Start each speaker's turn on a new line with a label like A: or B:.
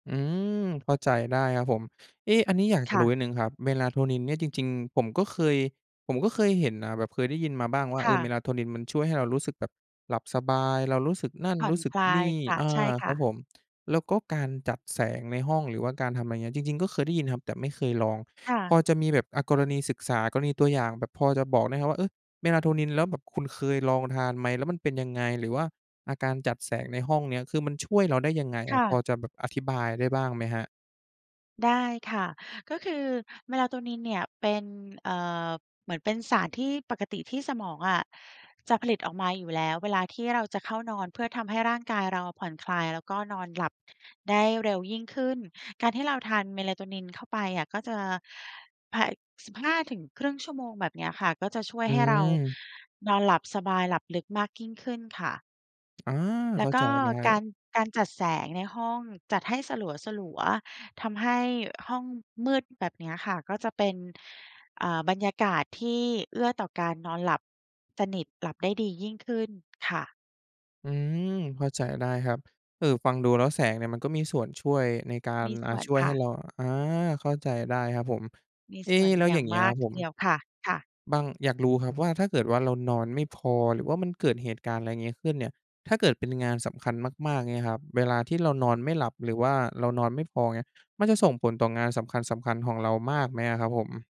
A: อืม เข้าใจได้ครับผม เอ๊ะ อันนี้อยาก
B: ค
A: จะ
B: ่
A: รู้
B: ะ
A: นิดหนึ่งครับ Melatonin เนี่ยจริง ๆ ผมก็เคย ผมก็เคยเห็นนะแบบเคยได้ยินมาบ้างว่า
B: ค
A: เอ
B: ่
A: อ
B: ะ
A: Melatonin มันช่วยให้เรารู้สึกแบบหลับสบาย เรารู้สึกนั่น
B: ผ่
A: ร
B: อ
A: ู้
B: น
A: สึ
B: ค
A: ก
B: ลา
A: น
B: ย
A: ี่
B: ค่ะ
A: อา
B: ใช่ค
A: คร
B: ่
A: ับ
B: ะ
A: ผม แล้วก็การจัดแสงในห้อง หรือว่าการทำ อะไรเงี้ย จริง ๆ ก็เคยได้ยินครับ แต่ไม่เคยลอง
B: ค่
A: พ
B: ะ
A: อจะมีแบบ อะ กรณีศึกษา กรณีตัวอย่างแบบพอจะบอกได้ครับว่า เอ๊ย Melatonin แล้วแบบคุณเคยลองทานไหม? แล้วมันเป็นยังไง? หรือว่า อะ การจัดแสงในห้องเนี้ย คือมันช่วยเราได้ยังไง?
B: ค่
A: พ
B: ะ
A: อจะแบบอธิบายได้บ้างไหมครับ?
B: ได้ค่ะ ก็คือ Melatonin เนี่ยเป็น เอ่อ เหมือนเป็นสารที่ปกติที่สมองอะจะผลิตออกมาอยู่แล้วเวลาที่เราจะเข้านอน เพื่อทำให้ร่างกายเราผ่อนคลาย แล้วก็นอนหลับได้เร็วยิ่งขึ้น การที่เราทาน Melatonin เข้าไปอะ ก็จะ พ 15 ถึง 0.5 ชั่วโมงแบบเนี้ยค่ะ ก็จะช่วย
A: อื
B: ให้เรา
A: ม
B: นอนหลับสบาย หลับลึกมากยิ่งขึ้นค่ะ
A: อา
B: แล
A: เข
B: ้
A: ้
B: ว
A: า
B: ก
A: ใจ
B: ็
A: ได้
B: การ การจัดแสงในห้อง จัดให้สลัว ๆ ทำให้ห้องมืดแบบเนี้ยค่ะ ก็จะเป็น เอ่อ บรรยากาศที่เอื้อต่อการนอนหลับสนิท หลับได้ดียิ่งขึ้นค่ะ
A: อืม เข้าใจได้ครับ เอ่อ ฟังดูแล้วแสงเนี่ย มันก็มีส่วนช่วยในการ
B: มี
A: อ
B: ส
A: ะ
B: ่วน
A: ช่วย
B: ค
A: ให
B: ่
A: ้
B: ะ
A: เรา อา เข้าใจได้ครับผม
B: มี
A: เอ
B: ส
A: ๊
B: ่วน
A: แล้ว
B: อย
A: อ
B: ่
A: ย
B: า
A: ่า
B: ง
A: งงี้
B: มา
A: คร
B: ก
A: ับผ
B: ที
A: ม
B: เดียวค่ะ ค่ะ
A: บัง อยากรู้ครับว่า ถ้าเกิดว่าเรานอนไม่พอ หรือว่ามันเกิดเหตุการณ์ อะไรงี้ ขึ้นเนี่ย ถ้าเกิดเป็นงานสำคัญมาก ๆ เงี้ยครับ เวลาที่เรานอนไม่หลับ หรือว่าเรานอนไม่พอเงี้ย มันจะส่งผลต่องานสำคัญ ๆ ของเรามากไหมอะครับผม?